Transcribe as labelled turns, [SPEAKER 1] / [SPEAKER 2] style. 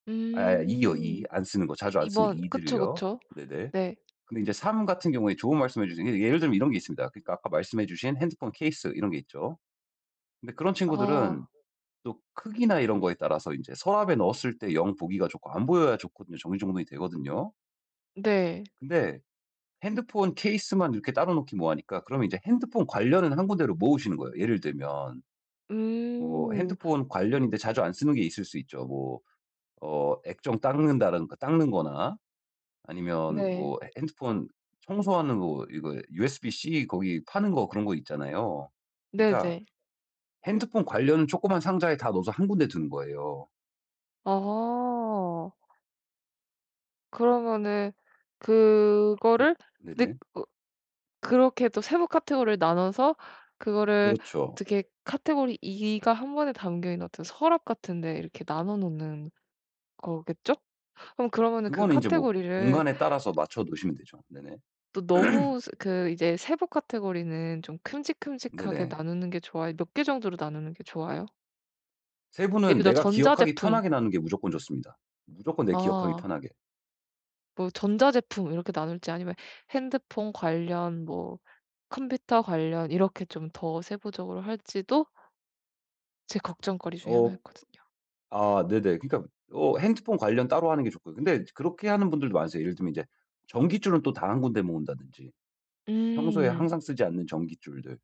[SPEAKER 1] 아 아 2 요, 2.
[SPEAKER 2] 음.
[SPEAKER 1] 안 쓰는 거 자주 안
[SPEAKER 2] 2
[SPEAKER 1] 쓰는
[SPEAKER 2] 번.
[SPEAKER 1] 2
[SPEAKER 2] 그쵸,
[SPEAKER 1] 들을요.
[SPEAKER 2] 그쵸.
[SPEAKER 1] 네네.
[SPEAKER 2] 네.
[SPEAKER 1] 근데 이제 3 같은 경우에 좋은 말씀해 주신 게 예를 들면 이런 게 있습니다. 그러니까 아까 말씀해 주신 핸드폰 케이스 이런 게 있죠. 근데 그런
[SPEAKER 2] 아.
[SPEAKER 1] 친구들은 또 크기나 이런 거에 따라서 인제 서랍에 넣었을 때 영 보기가 좋고 안 보여야 좋거든요. 정리정돈이 되거든요.
[SPEAKER 2] 네.
[SPEAKER 1] 근데 핸드폰 케이스만 이렇게 따로 놓기 뭐하니까 그러면 이제 핸드폰 관련은 한 군데로 모으시는 거예요. 예를 들면 뭐
[SPEAKER 2] 음.
[SPEAKER 1] 핸드폰 관련인데 자주 안 쓰는 게 있을 수 있죠. 뭐 어 액정 닦는다는 그 닦는 거나 아니면
[SPEAKER 2] 네.
[SPEAKER 1] 뭐 해 핸드폰 청소하는 거 이거 USB-C 거기 파는 거 그런 거 있잖아요. 그러니까
[SPEAKER 2] 네네.
[SPEAKER 1] 핸드폰 관련은 쪼끄만 상자에 다 넣어서 한 군데 두는 거예요.
[SPEAKER 2] 아. 그러면은
[SPEAKER 1] 그러
[SPEAKER 2] 그거를 느
[SPEAKER 1] 네네.
[SPEAKER 2] 어 그렇게 또 세부 카테고리를 나눠서 그거를
[SPEAKER 1] 그렇죠.
[SPEAKER 2] 어떻게 카테고리 2 가 1 번에 담겨 있는 어떤 서랍 같은 데 이렇게 나눠 놓는 거겠죠? 어 그러면은 그
[SPEAKER 1] 그거는 인제 뭐
[SPEAKER 2] 카테고리를
[SPEAKER 1] 공간에 따라서 맞춰 놓으시면 되죠. 네네.
[SPEAKER 2] 또 너무 스 그 이제 세부 카테고리는 좀 큼직큼직하게
[SPEAKER 1] 네네.
[SPEAKER 2] 나누는 게 좋아요? 몇 개 정도로 나누는 게 좋아요?
[SPEAKER 1] 세부는
[SPEAKER 2] 예를 들어
[SPEAKER 1] 내가 기억하기
[SPEAKER 2] 전자제품
[SPEAKER 1] 편하게 나눈 게 무조건 좋습니다. 무조건 내가 기억하기
[SPEAKER 2] 아.
[SPEAKER 1] 편하게.
[SPEAKER 2] 뭐 전자제품 이렇게 나눌지 아니면 핸드폰 관련 뭐 컴퓨터 관련 이렇게 좀 더 세부적으로 할지도 제 걱정거리 중에
[SPEAKER 1] 어.
[SPEAKER 2] 하나였거든요.
[SPEAKER 1] 아 네네. 그러니까 어 핸드폰 관련 따로 하는 게 좋고요. 근데 이제 그렇게 하는 분들도 많으세요. 예를 들면 인제 전깃줄은 또 다 1 군데 모은다든지. 평소에
[SPEAKER 2] 음.
[SPEAKER 1] 항상 쓰지 않는 전깃줄들.